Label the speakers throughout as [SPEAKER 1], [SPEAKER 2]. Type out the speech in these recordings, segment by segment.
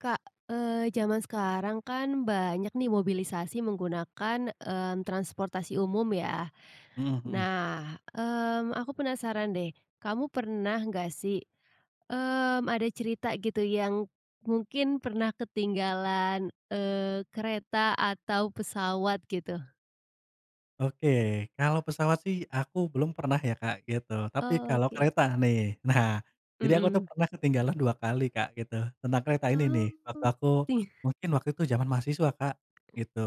[SPEAKER 1] Kak, eee, zaman sekarang kan banyak nih mobilisasi menggunakan, mmm, transportasi umum ya.
[SPEAKER 2] Mmm, mhm.
[SPEAKER 1] Nah, mmm, aku penasaran deh, kamu pernah gak sih, mmm, ada cerita gitu yang, mungkin pernah ketinggalan, eee, kereta atau pesawat gitu?
[SPEAKER 2] Oke kalau pesawat sih aku belum pernah ya Kak gitu, tapi kalau
[SPEAKER 1] Oke.
[SPEAKER 2] kereta nih nah, jadi aku tuh
[SPEAKER 1] Mhm.
[SPEAKER 2] pernah ketinggalan 2x Kak gitu tentang kereta ini nih
[SPEAKER 1] Oh,
[SPEAKER 2] waktu aku,
[SPEAKER 1] iya.
[SPEAKER 2] mungkin waktu itu zaman mahasiswa Kak, gitu,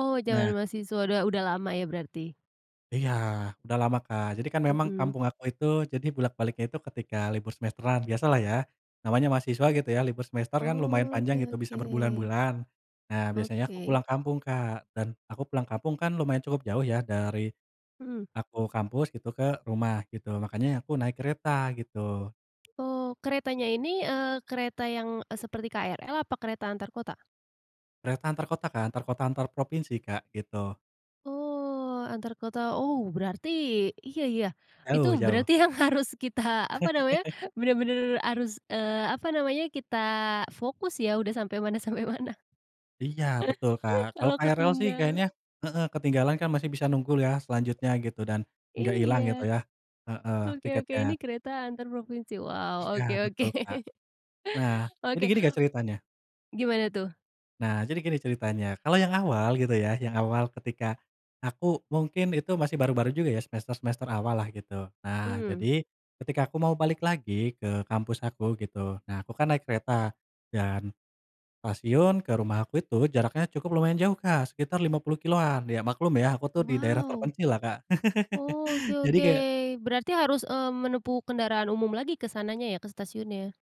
[SPEAKER 1] Oh zaman
[SPEAKER 2] nah
[SPEAKER 1] mahasiswa udah udah lama ya berarti.
[SPEAKER 2] Iya udah lama Kak, jadi kan memang
[SPEAKER 1] Mhm.
[SPEAKER 2] kampung aku itu jadi bolak-baliknya itu ketika libur semesteran biasalah ya, namanya mahasiswa gitu ya libur semester kan lumayan panjang
[SPEAKER 1] Oke
[SPEAKER 2] gitu bisa
[SPEAKER 1] oke.
[SPEAKER 2] berbulan-bulan, nah biasanya aku
[SPEAKER 1] Oke.
[SPEAKER 2] pulang kampung Kak dan aku pulang kampung kan lumayan cukup jauh ya dari,
[SPEAKER 1] Mhm.
[SPEAKER 2] aku kampus gitu ke rumah gitu makanya aku naik kereta gitu.
[SPEAKER 1] Oh keretanya ini, eee, kereta yang, eee, seperti KRL apa kereta antar kota?
[SPEAKER 2] Kereta antar kota Kak, antar kota antar provinsi Kak gitu.
[SPEAKER 1] Oh antar kota, oh berarti iya iya itu
[SPEAKER 2] Jauh jauh.
[SPEAKER 1] berarti yang harus kita apa namanya, benar-benar harus, eee, apa namanya kita fokus ya, udah sampai mana sampai mana.
[SPEAKER 2] Iya betul Kak kalau
[SPEAKER 1] Kalau
[SPEAKER 2] KRL sih
[SPEAKER 1] ketinggalan.
[SPEAKER 2] kayaknya heeh, ketinggalan kan masih bisa nunggu ya selanjutnya gitu dan, gak ilang
[SPEAKER 1] Iya,
[SPEAKER 2] gitu ya, heeh,
[SPEAKER 1] oke oke
[SPEAKER 2] tiketnya.
[SPEAKER 1] ini kereta antar provinsi wow,
[SPEAKER 2] Iya
[SPEAKER 1] oke oke.
[SPEAKER 2] betul Kak. Nah jadi
[SPEAKER 1] Oke.
[SPEAKER 2] gini Kak ceritanya.
[SPEAKER 1] Gimana tuh?
[SPEAKER 2] Nah jadi gini ceritanya, kalau yang awal gitu ya, yang awal ketika, aku mungkin itu masih baru-baru juga ya semester-semester awallah gitu nah
[SPEAKER 1] Mmm.
[SPEAKER 2] jadi, ketika aku mau balik lagi ke kampus aku gitu nah aku kan naik kereta, dan, stasiun ke rumah aku itu jaraknya cukup lumayan jauh Kak sekitar 50 kilometeran ya maklum ya aku tuh di daerah
[SPEAKER 1] Wow.
[SPEAKER 2] terpencillah Kak
[SPEAKER 1] Oke
[SPEAKER 2] jadi
[SPEAKER 1] oke
[SPEAKER 2] kayak
[SPEAKER 1] berarti harus, eee, menempuh kendaraan umum lagi ke sananya ya ke stasiunnya?